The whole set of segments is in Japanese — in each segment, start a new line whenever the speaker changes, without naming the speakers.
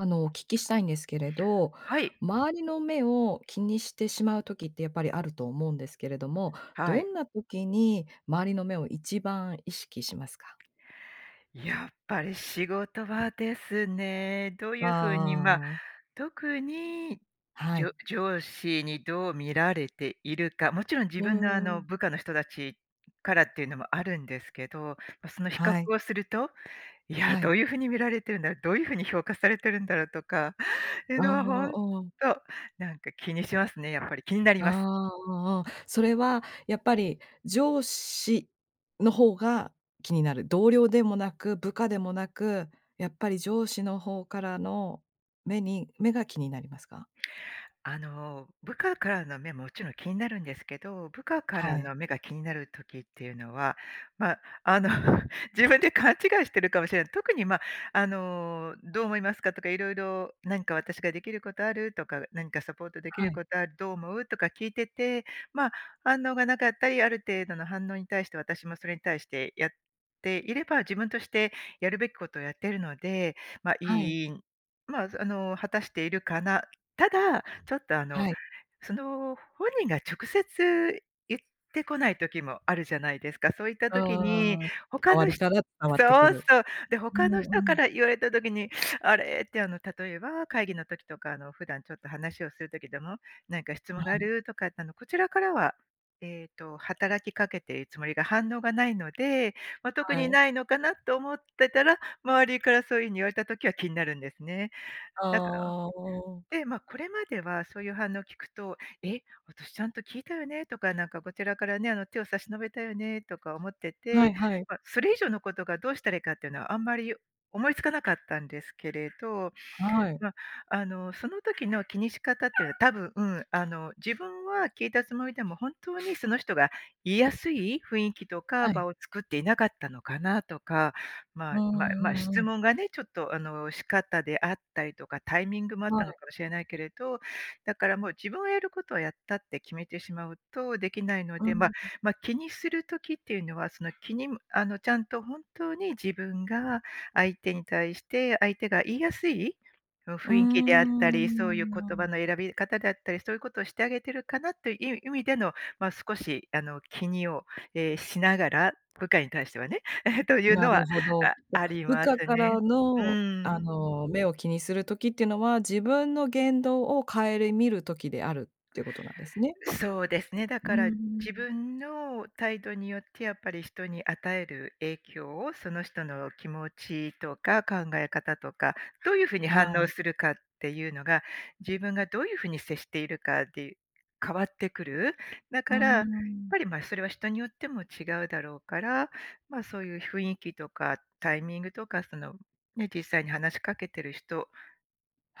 あの、お聞きしたいんですけれど、
はい。
周りの目を気にしてしまう時って、やっぱりあると思うんですけれども、
は
ど
い。
んな時に周りの目を一番意識しますか？
やっぱり、仕事場ですね。どう
ああ
いう風に、まあ、
ああああ。
特に、
は
じ
い。
ょ上司にどう見られているか。勿論自
う
分のあ
んう
の、
ん。
部下の人たちからっていうのもあるんですけど、ま、その比較
はい。
をすると、いや、
は
どう
い。
いう風に見られてるんだろう？どういう風に評価されてるんだろう？とか、ていう
あ
のはほ
あ、
んと、
うん。
なんか気にしますね、やっぱり気になり
あ
ます。
あ、あ、ああ、それは、やっぱり上司の方が気になる？同僚でもなく、部下でもなく、やっぱり上司の方からの目に目が気になりますか？
あの、部下からの目ももちろん気になるんですけど、部下か
は
ら
い。
の目が気になる時っていうのは、まあ、あの、自分で勘違いしてるかもしれない。特に、まあ、あの「どう思いますか？」とか、色々「なんか私が出来る事ある？」とか「何かサポート出来
は
る
い。
事ある？どう思う？」とか聞いてて。まあ、反応がなかったり、ある程度の反応に対して、私もそれに対してやっていれば、自分としてやるべきことをやってるので、ま、
はい。
いいんまあ、あの、果たしているかな？ただ、ちょっと、あの、
はい。
その本人が直接言ってこない時もあるじゃないですか。そういった
う
時に、
んうんうん、
他
周
の
り
ひ
から伝わってく
そう
る。
そう、で、
う
他
ん
の
う
人か
ん。
ら言われた時に「あれ？」って、あの、例えば、会議の時とか、あの、普段ちょっと話をする時でも「何か質
あ
問があ
あ。
る？」とか。あの、こちらからは、えっと、働きかけているつもりが、反応がないので「まあ、特
は
に
い。
ないのかな？」っと思ってたら、周りからそういう風に言われた時は気になるんですね。だから
ああ、うん。
で、まあ、これまでは、そういう反応を聞くと「え？私ちゃんと聞いたよね？」とか、なんかこちらからね、あの「手を差し伸べたよね」とか思って
は
て。
いはい。
ま、それ以上の事が、どうしたらいいかっていうのは、あんまり思いつかなかったんですけれど。
はい。
ま、あの、その時の気にし方ってのは、多分あの、自分は聞いたつもりでも、本当にその人が言いやすい雰囲気と
は
か、
い。
場を作っていなかったのかな？とか、ま
う
あまあ
ん
まあ、
うんう
質
ん。
問がね、ちょっと、あの、仕方であったりとか、タイミングもあっ
は
たの
い。
かもしれないけれど、だから、もう「自分はやることはやった」って決めてしまうと出来ないの
う
で、
ん
ま
うん。
ま、気にする時っていうのは、その、気にむあの、ちゃんと本当に自分が相手に対して、相手が言いやすい？その
うー
雰囲気であっ
ん、う
た
ん
り、そ
う
ういう
んう
言葉
ん。
の選び方であったり、そういうことをしてあげてるかな？という意味での、まあ、少し、あの、気にを、え、しながら、部下に対してはね。え、という
な
の
る
は、
ほど。
あ
じゃ、
あり
部
ま
下
す
か
ね。
ら
う
の、あ
ん。
の、目を気にする時ってのは、自分の言動を顧みる時であるっていうことなんですね？
そうですね。だ
う
か
んう
ら、
ん
自
うん。
分の態度によって、やっぱり人に与える影響を、その人の気持ちとか考え方とか、どういう風に
は
反応
い。
するかっていうのが、自分がどういう風に接しているかで変わってくる。だ
うー
から、やっ
ん。
ぱり、まあ、それは人によっても違うだろうから、まあ、そういう雰囲気とか、タイミングとか、その、ね、実際に話しかけてる人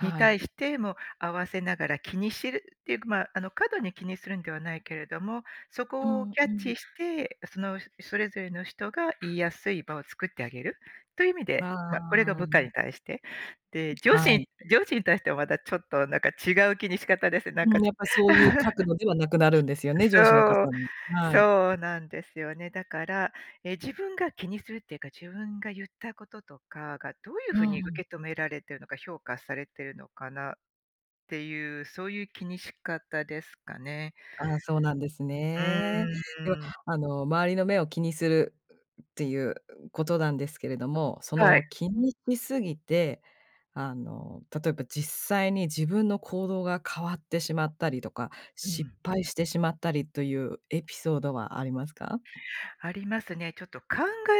に、
い。
対しても合わせながら気にしるっていうか、まあ、あの、過度に気にするんではないけれども、そ
う
こを
ん、
キャッ
うん。
チして、その、それぞれの人が言いやすい場を作ってあげる、という意味で、
まあ、
まあ、これど
あ
部下
あ。
に対して、で、上
は
司
い。
に上司に対しては、また、ちょっとなんか、違う気に仕方ですね。なん
う
か
ん、
ちょ
やっぱ、そういう角 度ではなくなるんですよね、上司の
そう、
方に。はい。
そうなんですよね。だから、え、自分が気にするっていうか、自分が言ったこととかが、どういう
う
風に
ん。
受け止められてるのか、評価されてるのかな？っていう、そういう気にし方ですかね。
あ、そうなんです
う
ね。では、
ーん。
あの、周りの目を気にするっていうことなんですけれども、そ
はい。
の気にし過ぎて、あの、例えば、実際に自分の行動が変わってしまったりとか、
う
失
ん。
敗してしまったりというエピソードはありますか？
ありますね。ちょっと、考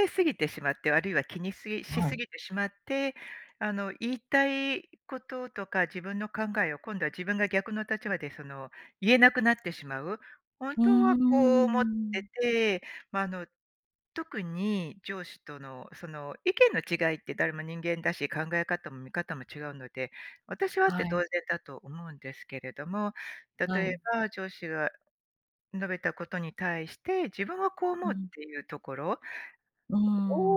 えすぎてしまって、あるいは気にしし
は
過
い。
ぎてしまって、あの、言いたい事とか自分の考えを、今度は自分が逆の立場で、その、言えなくなってしまう？本
う
当
ん
は
うん
こ
うんう
う思って
ん。
て、まあ、あの、特に上司とのその、意見の違いって誰も人間だし、考え方も見方も違うので、私はあっ
は
て当
い。
然だと思うんですけれども、例
は
え
い。
ば上司が述べたことに対して「自分はこう思
う
う」っ
ん。
ていうところ
うー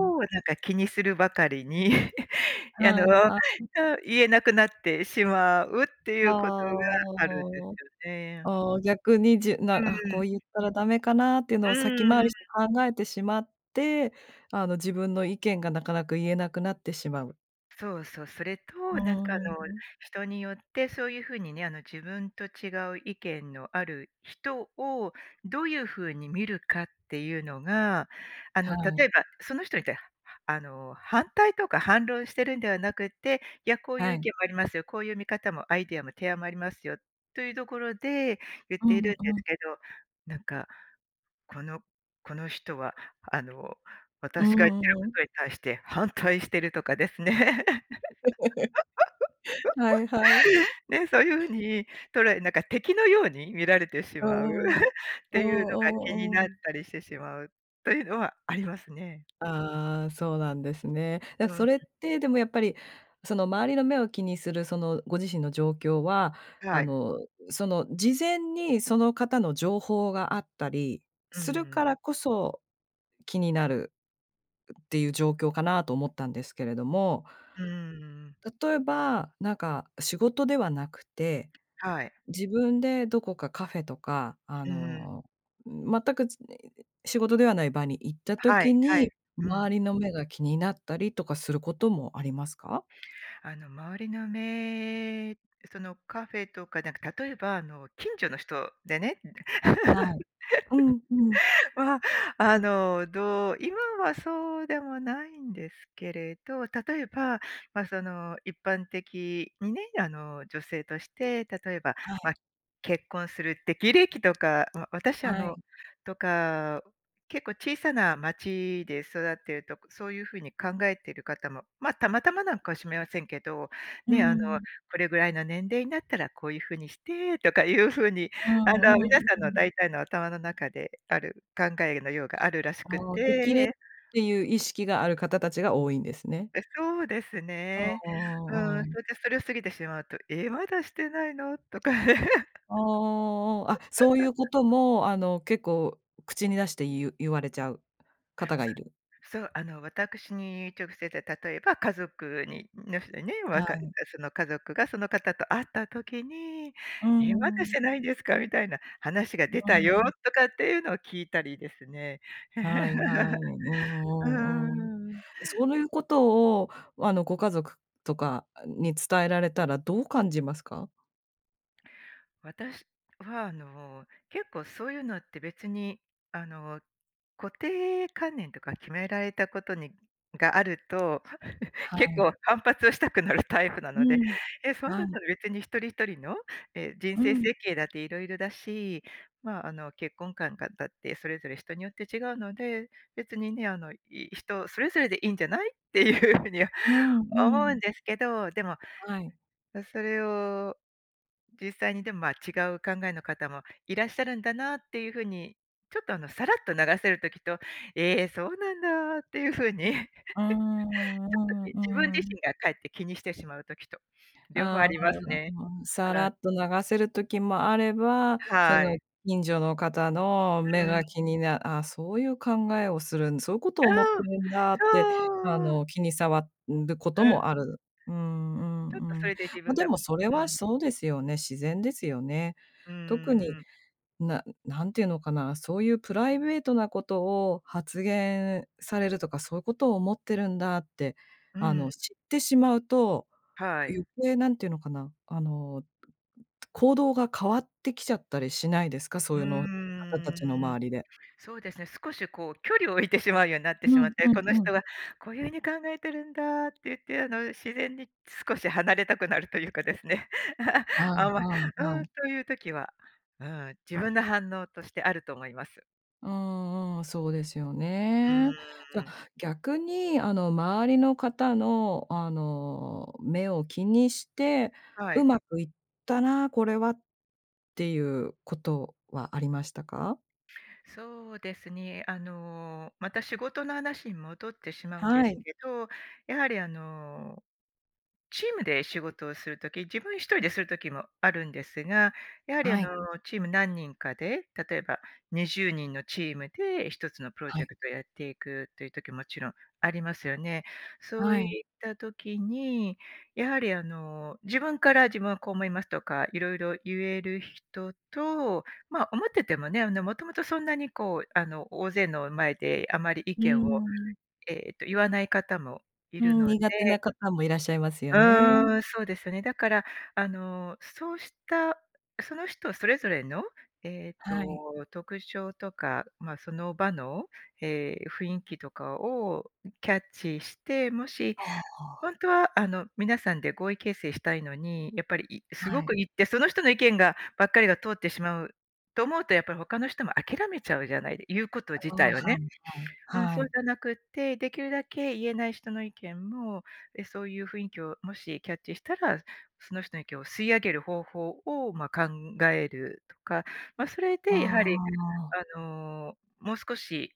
ん。
なんか気にするばかりに、あ
は
のう
いはい。
ん、言えなくなってしまうってい
は
う事が
あ、
あるんです
ああああ。
よね。
ああ、逆に、じ
う
なこう
ん。
言ったらダメかな？っていう
う
のを先回
ー
りし
ん。
て考えてしまって、あの、自分の意見がなかなか言えなくなってしまう。
そうそ、それ
う
と、なんか
ー
あの、
ん。
人によってそういう風にね、あの、自分と違う意見のある人を、どういう風に見るかっていうのが、あ
は
の、
い。
例えば、その人にたあの、反対とか反論してるんではなくて「いや、こういう
は
意
い。
見もありますよ。こういう見方もアイディアも、提案もありますよ」というところで、言っ
う
てい
ん
るんで
うん。
すけど、なんか、このこの人はあの、
う
私が言ってるこ
ーん。
とに対して反対してるとかですね。
はいはい。
ね、そういう風に、捉えなんか敵のように見られてし
う
まう？
んうん。
っ
う
ていうのが気に
んうんう
なっ
ん。
たりしてしまう、というのはありますね。
ああ、そうなんですね。や、
う
そ
ん。
れってでもやっぱり、その周りの目を気にするそのご自身の状況は、あ
はい。
の、その事前にその方の情報があったり
うんう
する
ん。
からこそ、気になるっていう状況かな？と思ったんですけれども、
うーん。
例えば、なんか仕事ではなくて、
はい。
自分でどこかカフェとか、あ
うん。
の、全くちねいで、仕事ではない場に行った
は
時
い、はい。
に、
うん。
周りの目が気になったりとかすることもありますか？
あの、周りの目、そのカフェとか、なんか例えば、あの、近所の人でね。
はい。うん、うん。
まあ、あの、どう、今はそうでもないんですけれど、例えば、まあ、その、一般的にね、あの、女性として、例えば、
はい。
ま、結婚する適齢期とか、ま、私あ
はい。
のとか、結構小さな町で育っているとか、そういう風に考えている方も、まあ、たまたまなんかしれませんけど、
うー
ね、あの
ん。
「これぐらいの年齢になったらこういう風にして」とかいう風に、
う
あの、皆
んうん
さ
う
んの
ん。
大体の頭の中である考えのようがあるらしく
ああ、適齢っ
て。
ていう意識がある方たちが多いんですね。
え、そうです
うん、
ね。う
ううん
ん。
うん。
それでそれを過ぎてしまうと「え！まだしてないの？」とか。
ああああああ。あ、そういうこと も、あの、結構口に出して言う言われちゃう方が
そ
いる。
そう、あの、私に直接で、例えば家族にの人にね、わ
は
かえ、
い。
その家族がその方と会った時に
うー
「『え、まだし
ん。
てないんですか？』みたいな話が
う
出
ー
たよ」
ん。
とかっていうのを聞いたりですね。
はいはい。うん
う
うんうん。
ーん。
え、そういうことを、あの、ご家族とかに伝えられたらどう感じますか？
私は、あの、結構そういうのって別に、あの、固定観念とか決められたことにがあると、
は
結
い。
構反発をしたくなるタイプな
う
ので。
ん、
え、そん
は
だっ
い。
たら別に一人一人の、え、人
う
生
ん。
設計だって色々だし、まあ、あの、結婚観がだってそれぞれ人によって違うので、別にね、あの、い人それぞれでいいんじゃない？っていう風には
うん
思
う
うん
ん。
ですけど。でも、
はい。
う、それを、実際にでも、ま、違う考えの方もいらっしゃるんだなっていう風に、ちょっと、あの、さらっと流せる時と、え、そうなんだっていう風に ちょ
うー
っと
ん
き
うー
自分
んうー
自
ん。
身がかえって気にしてしまう時と、両方あ
ああ、
りますね。
まあ、さら
はい。
っと流せる時もあれば、そ
は
の
い。
近所の方の目
うん。
が気になああ、そういう考えをするんそういうことを思って
あ。
るんだって、あ
そう。
の、気に障ん、ること
うん。
もある。うんう
ちょっと
ん
そ
うん。
れで自
ま、
分
で
がう
も、それは、
ん。
そうですよね。自然ですよね。
うー
特に、
んうん。
な何て言うのかな、そういうプライベートなことを発言されるとか、そういうことを思ってるんだって、
う
あの、
ん。
知ってしまうと、
はい。
余計何て言うのかな、あの、行動が変わってきちゃったりしないですか？
う
その方たちの
ーん。
周りで。
そうですね、少し、こう、距離を置いてしまうようになって
う
しまっ
ん
て、
う
こ
ん
の
うん。
人はこういう風に考えてるんだって言って、あの、自然に少し離れたくなるというかですね。
は
あ
い
んま
はいは
うん、
い。
という時は、うん、自分の反応としてあると思います。
うんうん、そうですよ
う
ね。じゃ、
ーん。
逆にあの周りの方のあの、目を気にして、
は
う
い。
まくいったな、これはっていうことはありましたか？
そうですね。あの、また仕事の話に戻ってしまうんで
は
す
い。
けど、やはりあの、チームで仕事をするとき自分一人でする時もあるんですが、やはりあ
は
の、
い。
チーム何人かで、例えば20人のチームで一つのプロ
は
ジェ
い。
クトやっていくという時、もちろんありますよね。そう
は
い
い。
った時に、やはりあの、自分から「自分はこう思います」とか色々言える人と、ま、思っててもね、あの、もともとそんなにこうあの、大勢の前であまり意
う
見を、
ん。
えっと言わない方もい
う
る
ん、
ので。
苦手な方もいらっしゃいますよね。
うん。そうですよね。だから、あの、そうした、その人それぞれの、えっ
はい。
と特徴とか、ま、その場の、え、雰囲気とかを、キャッチして、もし、
ああ。
本当はあの皆さんで合意形成したいのに、やっぱり、いす
は
ご
い。
く言ってその人の意見がばっかりが通ってしまう、と思うとやっぱり他の人も諦めちゃうじゃないで言うこと自
ああ、
体
は
をね。
い
うん、
はい、
そ
は
う
い。
じゃなくって、できるだけ言えない人の意見も、え、そういう雰囲気をもしキャッチしたら、その人の意見を吸い上げる方法を、ま、考えるとか、ま、それ
あ
でやはり
あ。
あの、もう少し、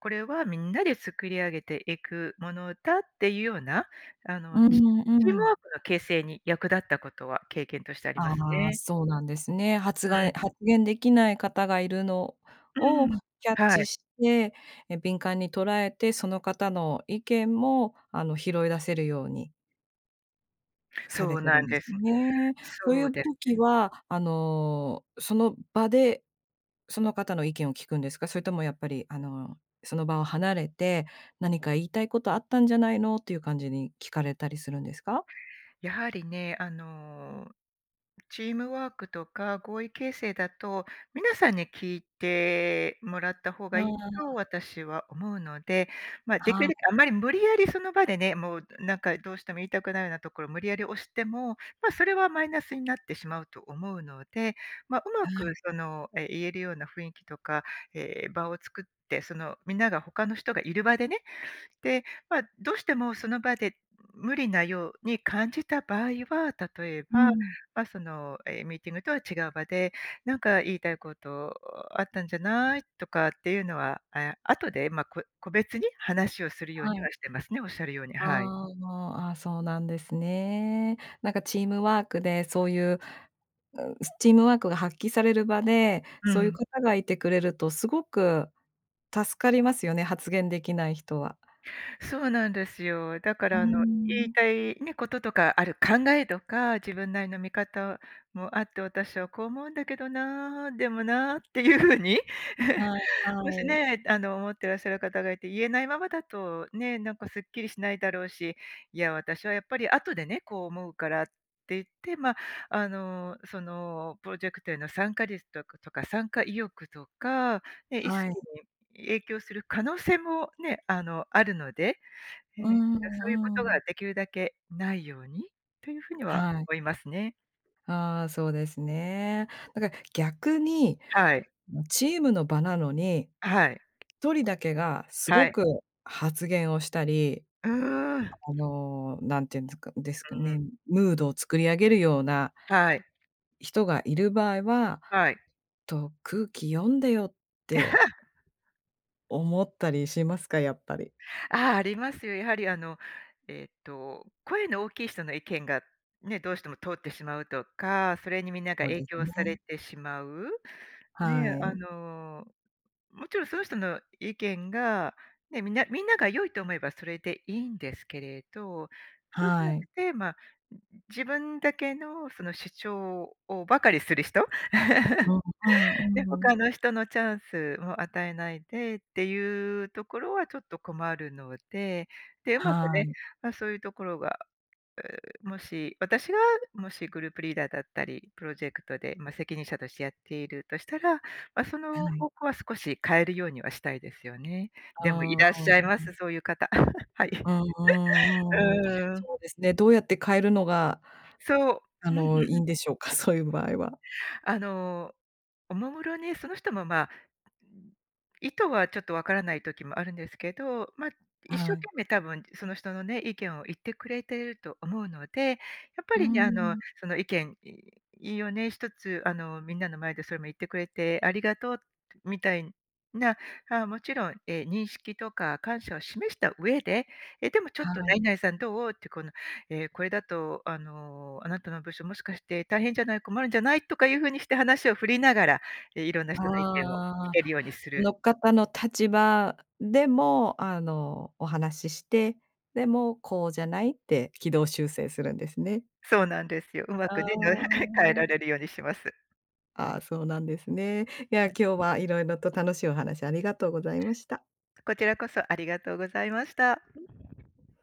これはみんなで作り上げていくものだっていうような、あ
う
の、ち
ん
チー
う
ムワ
ん。
ークの形成に役立ったことは経験としてあります
あ、
ね。
そうなんですね。はつ
う
が
ん。
発言できない方がいるの
う
をキ
ん、
ャッ
は
チ
い。
して、え、敏感に捉えて、その方の意見もあの拾い出せるように。さ
そ
れ
う
てる
な
ん
ん
で
で
す
す。
ね。そうい
そう
う
です
時
ね。
は、あの、その場で、その方の意見を聞くんですか？それともやっぱりあの、その場を離れて「何か言いたいことあったんじゃないの？」っていう感じに聞かれたりするんですか？
やはりね、あの、チームワークとか合意形成だと、皆さんに聞いてもらった方
あ
がいいと
あ。
私は思うので。ま、でき
は
るだ
い。
けあんまり無理やりその場でね、もうなんかどうしても言いたくないようなところ無理やり押しても、ま、それはマイナスになってしまうと思うので。ま、うま
は
く
い。
その、え、言えるような雰囲気とか、え、場を作って、その、みんなが他の人がいる場でね。で、ま、どうしてもその場で、無理なように感じた場合は、例え
う
ば、
ん。
ま、その、え、ミーティングとは違う場で「なんか言いたいことあったんじゃない？」とかっていうのは、あ、後で、ま、こ個別に話をするよう
は
に
い。
はしてますね、おっしゃるように、はい。
あ、あ、そうなんですね。なんかチームワークで、そういう、うん、チームワークが発揮される場で、
う
そういう
ん。
方がいてくれるとすごく助かりますよね、発言できない人は。
そうなんですよ。だか
うー
らあの言い
ん。
たいね、こととかある考えとか、自分なりの見方もあって私はこう思うんだけどな、でもなっていうふうに、
はい
もし
はい。
ね、あの、思ってらっしゃる方がいて言えないままだと、ね、なんかすっきりしないだろうし。いや、私はやっぱり後でね、こう思うからって言ってま、あの、その、プロジェクトへの参加率とかとか参加意欲とか、ね、意
はい。
識に影響する可能性もね、あの、あるので、
う
えっと、そういうこ
んう
とが
ん。
できるだけないように、というふうには
はい。
思いますね。
あ、そうですね。なんか逆に、
はい。
あのチームの場なのに、
はい。
一人だけがす
は
ご
い。
く発言をしたり、
うーん。
あの、何て言うんですかですか
うん。
ね、ムードを作り上げるような
はい。
人がいる場合は、
はい。
と、空気読んでよって。思ったりしますか？やっぱり。
あ、ありますよ。やはりあの、えっと、声の大きい人の意見が、ね、どうしても通ってしまうとか、それにみんなが
そう
影
です
響さ
ね。
れてしまう。ね、
は
あ
い。
の、もちろんその人の意見が、ね、みんなみんなが良いと思えばそれでいいんですけれど。そうじゃ
は
なく
い。
て、ま、んん、自分だけのその主張をばかりする人。
うんう
で、
んうん。
他の人のチャンスを与えないでっていうところはちょっと困るので。で、うまく
は
ね、
い。
ま、そういうところが、う、もし、私がもしグループリーダーだったり、プロジェクトで、ま、責任者としてやっているとしたら、ま、そ
は
の
い。
方向は少し変えるようにはしたいですよね。でもい
ああ、
らっ
う
し
ん
ゃいま
うん。
す、そういう方。はい。
うんうんうん。
うん。
そうですね、どうやって変えるのが
そう。
あの、いい んでしょうか、そういう場合は。
あの、おもむろにその人も、ま、うん、意図はちょっとわからない時もあるんですけど、ま、
は
一生
い。
懸命多分その人のね、意見を言ってくれていると思うので、やっぱ
うー
りね、あの、
ん。
その意見いをね、一つあの、みんなの前でそれも言ってくれてありがとうみたいな、あ、もちろん、え、認識とか感謝を示した上で「え、でもちょっと
はい。
何々さんどう？」ってこの、え、「これだとあの、あなたの部署もしかして大変じゃない、困るんじゃない？」とかいうふうにして話を振りながら、え、いろんな人の意見を聞
ああ。
けるようにする。
の立場でも、あの、お話しして「でも、こうじゃない？」って軌道修正するんですね。
そうなんですよ。うま
あ
くね、変え
あ。
られるようにします。
あ、そうなんですね。いや
は
今
い。
日は色々と楽しいお話ありがとうございました。
こちらこそありがとうございました。
はい。